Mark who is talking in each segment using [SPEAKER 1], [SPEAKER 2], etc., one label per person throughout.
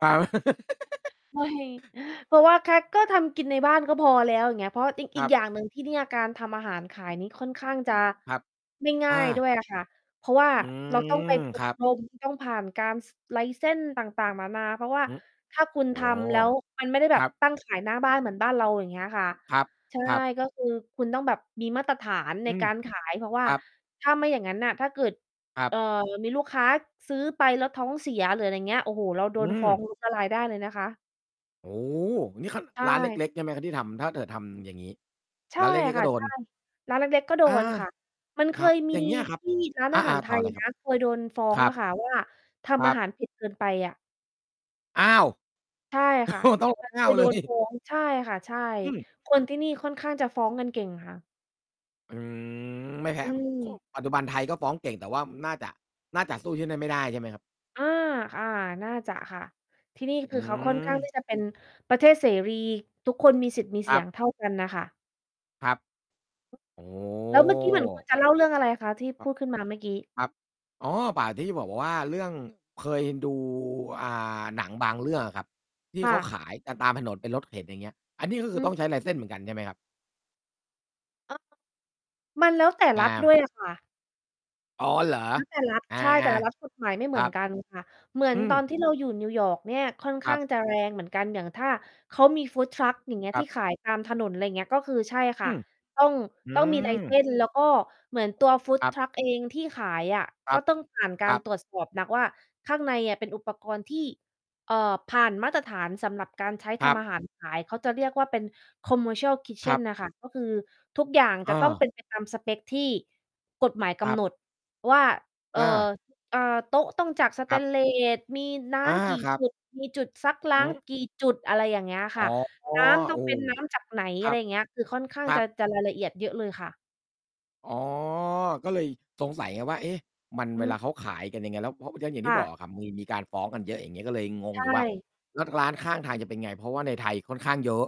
[SPEAKER 1] อา
[SPEAKER 2] ไม่ เพราะว่าแค่ ก็ทำกินในบ้านก็พอแล้ว อย่างเงี้ย เพราะอีก
[SPEAKER 1] ค
[SPEAKER 2] อี
[SPEAKER 1] รั
[SPEAKER 2] ก
[SPEAKER 1] บ
[SPEAKER 2] อย่าง หนึ่งที่เนี่ย การทำอาหารขายนี้ค่อนข้างจะ
[SPEAKER 1] ครับ
[SPEAKER 2] ไม่ง่
[SPEAKER 1] อ
[SPEAKER 2] า
[SPEAKER 1] ่
[SPEAKER 2] ย ด้
[SPEAKER 1] า
[SPEAKER 2] วยค่ะ เพราะว่า
[SPEAKER 1] อื
[SPEAKER 2] เราต้อง
[SPEAKER 1] ม
[SPEAKER 2] ไป อ
[SPEAKER 1] คร
[SPEAKER 2] บ
[SPEAKER 1] ับ
[SPEAKER 2] รมต้องผ่านการ ส license ต่าง ๆ นานา เพราะว่า
[SPEAKER 1] อือ
[SPEAKER 2] ถ้าคุณ
[SPEAKER 1] โอ้
[SPEAKER 2] ทำ แล้วมันไม่ได้แบ
[SPEAKER 1] คร
[SPEAKER 2] บ
[SPEAKER 1] ับ
[SPEAKER 2] ตั้งขายหน้าบ้านเหมือนบ้านเรา อย่างเงี้ยค่ะ
[SPEAKER 1] ครับ
[SPEAKER 2] ใช่
[SPEAKER 1] ครับ
[SPEAKER 2] ก็คือคุณต้องแบบมีมาตรฐานใน
[SPEAKER 1] อื
[SPEAKER 2] ก
[SPEAKER 1] ม
[SPEAKER 2] ารขาย เพราะว่
[SPEAKER 1] ค
[SPEAKER 2] า
[SPEAKER 1] รับ
[SPEAKER 2] ถ้าไม่อย่างงั้นน่ะ ถ้าเกิด
[SPEAKER 1] ครั
[SPEAKER 2] เ
[SPEAKER 1] บ
[SPEAKER 2] อ่อ มีลูกค้าซื้อไป แล้วท้องเสีย หรืออะไรอย่างเงี้ย โอ้โฮ เราโด
[SPEAKER 1] อื
[SPEAKER 2] น
[SPEAKER 1] ม
[SPEAKER 2] ฟ้อง ล้ม ละลายได้เลยนะคะ
[SPEAKER 1] โอ้ นี่ ค ร้
[SPEAKER 2] ใช
[SPEAKER 1] านเ
[SPEAKER 2] ่
[SPEAKER 1] ล็ก ๆ ใช่ไหมครับ? ที่ทำ ถ้าเถิดทำอย่างงี้
[SPEAKER 2] ใช่
[SPEAKER 1] ร้านเล็ก ๆ
[SPEAKER 2] ค่
[SPEAKER 1] ก็
[SPEAKER 2] ะ
[SPEAKER 1] โด
[SPEAKER 2] ใช
[SPEAKER 1] น
[SPEAKER 2] ่ ร้านเล็ก ๆ ก็โด
[SPEAKER 1] อา
[SPEAKER 2] นค่ะ มันเค
[SPEAKER 1] ครับ
[SPEAKER 2] ย มี
[SPEAKER 1] อย่างเงี้ยคร
[SPEAKER 2] ท
[SPEAKER 1] ับ
[SPEAKER 2] ี่ ร้าน
[SPEAKER 1] อ
[SPEAKER 2] อ
[SPEAKER 1] า
[SPEAKER 2] า
[SPEAKER 1] อ
[SPEAKER 2] หา
[SPEAKER 1] า
[SPEAKER 2] รไท
[SPEAKER 1] ต่อ
[SPEAKER 2] ย
[SPEAKER 1] เลยค
[SPEAKER 2] น
[SPEAKER 1] รั
[SPEAKER 2] ะ
[SPEAKER 1] บ
[SPEAKER 2] เคยโดนฟ้อ
[SPEAKER 1] ค
[SPEAKER 2] ง
[SPEAKER 1] รั
[SPEAKER 2] อะ
[SPEAKER 1] บ
[SPEAKER 2] ค่ะ ว่า ท
[SPEAKER 1] คร
[SPEAKER 2] ำอ
[SPEAKER 1] ั
[SPEAKER 2] า
[SPEAKER 1] บ
[SPEAKER 2] หารเผ็ดเกินไปอะ
[SPEAKER 1] อ้าว
[SPEAKER 2] ใช่
[SPEAKER 1] โอ้
[SPEAKER 2] ค่ะ
[SPEAKER 1] โฮ ต้อง
[SPEAKER 2] แล้ว
[SPEAKER 1] อ
[SPEAKER 2] ค
[SPEAKER 1] ้า
[SPEAKER 2] ือ
[SPEAKER 1] ว
[SPEAKER 2] โ
[SPEAKER 1] เ
[SPEAKER 2] ด
[SPEAKER 1] ล
[SPEAKER 2] นฟ
[SPEAKER 1] ย
[SPEAKER 2] ้อง ใช่ค่ะ ใช่
[SPEAKER 1] อืม
[SPEAKER 2] คนที่นี่ค่อนข้างจะฟ้องกันเก่งค่ะ
[SPEAKER 1] อืม ไม่แพ
[SPEAKER 2] อ
[SPEAKER 1] ้
[SPEAKER 2] ื
[SPEAKER 1] ผ
[SPEAKER 2] ม
[SPEAKER 1] ปัจจุบันไทยก็ฟ้องเก่ง แต่ว่าน่าจะ น่าจะสู้ที่นั้นไม่ได้ใช่ไหมครับ?
[SPEAKER 2] อา อา น่าจะค่ะ ที่นี่
[SPEAKER 1] อ
[SPEAKER 2] ค
[SPEAKER 1] ื
[SPEAKER 2] ือเขา ค่อนข้าง
[SPEAKER 1] ม
[SPEAKER 2] ที่จะเป็นประเทศเสรี ทุกคนมีสิทธิ์มี
[SPEAKER 1] ค
[SPEAKER 2] เสี
[SPEAKER 1] รั
[SPEAKER 2] ย
[SPEAKER 1] บ
[SPEAKER 2] งเท่ากันน่ะค่ะ
[SPEAKER 1] ครับ โอ้
[SPEAKER 2] แล้ว เมื่อกี้เหมือนคุณจะเล่า เรื่องอะไรคะ? ที่
[SPEAKER 1] ค
[SPEAKER 2] พ
[SPEAKER 1] รับ
[SPEAKER 2] ูด ขึ้นมาเมื่อกี้
[SPEAKER 1] ครับ อ๋อ ป่า ที่จะบอกว่า เรื่อง เคยดู อ่า หนังบางเรื่องอะครับ ที่
[SPEAKER 2] ค่
[SPEAKER 1] เขา
[SPEAKER 2] ะ
[SPEAKER 1] ขายกันตามถนน เป็นรถเข็นอย่างเงี้ย อันนี้ก็ค
[SPEAKER 2] อ
[SPEAKER 1] ือ
[SPEAKER 2] ื
[SPEAKER 1] ต้อ
[SPEAKER 2] ม
[SPEAKER 1] งใช้ license เหมือนกันใช่ไหมครับ?
[SPEAKER 2] อ้อ มันแล้วแต่
[SPEAKER 1] อ
[SPEAKER 2] รัฐ ด้
[SPEAKER 1] า
[SPEAKER 2] วย อะค่ะ
[SPEAKER 1] อ๋อ เหรอ?
[SPEAKER 2] แล้วแต่รัฐ
[SPEAKER 1] อา
[SPEAKER 2] ใช่ แต่ละรัฐกฎหมายไม่
[SPEAKER 1] ๆ
[SPEAKER 2] เ
[SPEAKER 1] ค
[SPEAKER 2] หม
[SPEAKER 1] ร
[SPEAKER 2] ื
[SPEAKER 1] ั
[SPEAKER 2] อน
[SPEAKER 1] บ
[SPEAKER 2] กัน ค่ะ เหมือ
[SPEAKER 1] อื
[SPEAKER 2] น ตอน
[SPEAKER 1] ม
[SPEAKER 2] ที่เราอยู่ New York เนี่ยค่อน
[SPEAKER 1] ค
[SPEAKER 2] ข้
[SPEAKER 1] รั
[SPEAKER 2] า
[SPEAKER 1] บ
[SPEAKER 2] ง จะแรงเหมือนกัน อย่างถ้าเขามี food truck อย่างเงี้ย
[SPEAKER 1] คร
[SPEAKER 2] ท
[SPEAKER 1] ั
[SPEAKER 2] ี
[SPEAKER 1] บ
[SPEAKER 2] ่ขายตามถนน อะไรอย่างเงี้ย ก็คือ ใช่ค
[SPEAKER 1] อื
[SPEAKER 2] ่ะ
[SPEAKER 1] ม
[SPEAKER 2] ต้อง
[SPEAKER 1] อื
[SPEAKER 2] ต้องมี
[SPEAKER 1] ม
[SPEAKER 2] license แล้วก็ เหมือนตัว food
[SPEAKER 1] ครับ
[SPEAKER 2] truck เองที่ขายอะ
[SPEAKER 1] คร
[SPEAKER 2] ก
[SPEAKER 1] ั
[SPEAKER 2] ็
[SPEAKER 1] บ
[SPEAKER 2] ต้องผ่านกา
[SPEAKER 1] คร
[SPEAKER 2] ร
[SPEAKER 1] ับ
[SPEAKER 2] ตรวจสอบหนักว่าข้างในเป็นอุปกรณ์ที่ เอ่อ ผ่านมาตรฐานสำหรับการใช้
[SPEAKER 1] ค
[SPEAKER 2] ท
[SPEAKER 1] รั
[SPEAKER 2] ำอ
[SPEAKER 1] บ
[SPEAKER 2] าหารขาย เขาจะเรียกว่าเป็น commercial
[SPEAKER 1] ครั
[SPEAKER 2] kitchen
[SPEAKER 1] บ
[SPEAKER 2] น่ะ ค่ะ ก็คือทุกอย่างจ
[SPEAKER 1] อ
[SPEAKER 2] ะต้องเป
[SPEAKER 1] า
[SPEAKER 2] ็น ไป ตามสเปกที่กฎหมายก
[SPEAKER 1] ครั
[SPEAKER 2] ำ
[SPEAKER 1] บ
[SPEAKER 2] หนดว่า เอ่อ
[SPEAKER 1] อา
[SPEAKER 2] เอ่อ โต๊ะต้องจาก สเ
[SPEAKER 1] ค
[SPEAKER 2] ต
[SPEAKER 1] รับ
[SPEAKER 2] นเลส มีน้
[SPEAKER 1] อา
[SPEAKER 2] ำกี่
[SPEAKER 1] ครั
[SPEAKER 2] จ
[SPEAKER 1] บ
[SPEAKER 2] ุด มีจุดซักล้
[SPEAKER 1] อ
[SPEAKER 2] า
[SPEAKER 1] ื
[SPEAKER 2] ง
[SPEAKER 1] ม
[SPEAKER 2] กี่จุด อะไรอย่างเงี้ยอะ
[SPEAKER 1] อ
[SPEAKER 2] ค
[SPEAKER 1] ๋
[SPEAKER 2] ่
[SPEAKER 1] อ
[SPEAKER 2] ะ
[SPEAKER 1] โอ้
[SPEAKER 2] น้ำต้องเป็นน้ำจากไหน?
[SPEAKER 1] ค
[SPEAKER 2] อะ
[SPEAKER 1] ร
[SPEAKER 2] ไ
[SPEAKER 1] ั
[SPEAKER 2] ร
[SPEAKER 1] บ
[SPEAKER 2] อย่างเงี้ย คือ ค่อนข้า
[SPEAKER 1] ค
[SPEAKER 2] ง
[SPEAKER 1] รั
[SPEAKER 2] จะ
[SPEAKER 1] บ
[SPEAKER 2] จะรายละเอียดเยอะเลยค่ะ
[SPEAKER 1] อ๋อ ก็เลยสงสัยไงว่า เอ๊ะ มัน
[SPEAKER 2] อื
[SPEAKER 1] เวล
[SPEAKER 2] ม
[SPEAKER 1] าเขาขายกันยังไง แล้วพอ อย่าง อย่างท
[SPEAKER 2] ค
[SPEAKER 1] ี่
[SPEAKER 2] ่
[SPEAKER 1] บ
[SPEAKER 2] ะ
[SPEAKER 1] อกอะครับ มี มีการฟ้องกันเยอะ อย่างงี้ ก็เลยง
[SPEAKER 2] ใ
[SPEAKER 1] ง
[SPEAKER 2] ช
[SPEAKER 1] อยู่ว่า
[SPEAKER 2] ่
[SPEAKER 1] แล้วร้านข้างทางจะเป็นไง? เพราะว่าในไทยค่อนข้างเยอะ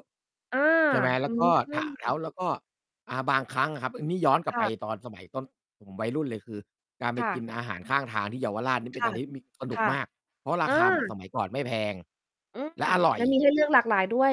[SPEAKER 2] เออ
[SPEAKER 1] ใช่ไหม แล
[SPEAKER 2] อ
[SPEAKER 1] ้
[SPEAKER 2] ื
[SPEAKER 1] วก็ ถ ท้
[SPEAKER 2] ม
[SPEAKER 1] าว แล้วก็ อ่า บางครั้งอะครับ นี่ย้อนกลับ
[SPEAKER 2] ค
[SPEAKER 1] ไป
[SPEAKER 2] ่ะ
[SPEAKER 1] ตอนสมัยต้น ผมวัยรุ่นเลย คือ การไป
[SPEAKER 2] ค่
[SPEAKER 1] กิน
[SPEAKER 2] ะ
[SPEAKER 1] อาหารข้างทางที่เยาวราชนี่
[SPEAKER 2] ค
[SPEAKER 1] เป็น
[SPEAKER 2] ่
[SPEAKER 1] อ
[SPEAKER 2] ะ
[SPEAKER 1] ะไรที่มี สนุ
[SPEAKER 2] ค
[SPEAKER 1] ก
[SPEAKER 2] ่ะ
[SPEAKER 1] มาก เพราะ
[SPEAKER 2] เ
[SPEAKER 1] ร
[SPEAKER 2] อ
[SPEAKER 1] า
[SPEAKER 2] อ
[SPEAKER 1] คาเหมือนสมัยก่อนไม่แพง
[SPEAKER 2] อืม
[SPEAKER 1] และอร่อ
[SPEAKER 2] แล
[SPEAKER 1] ย
[SPEAKER 2] ้วมีให้เลือกหลากหลายด้วย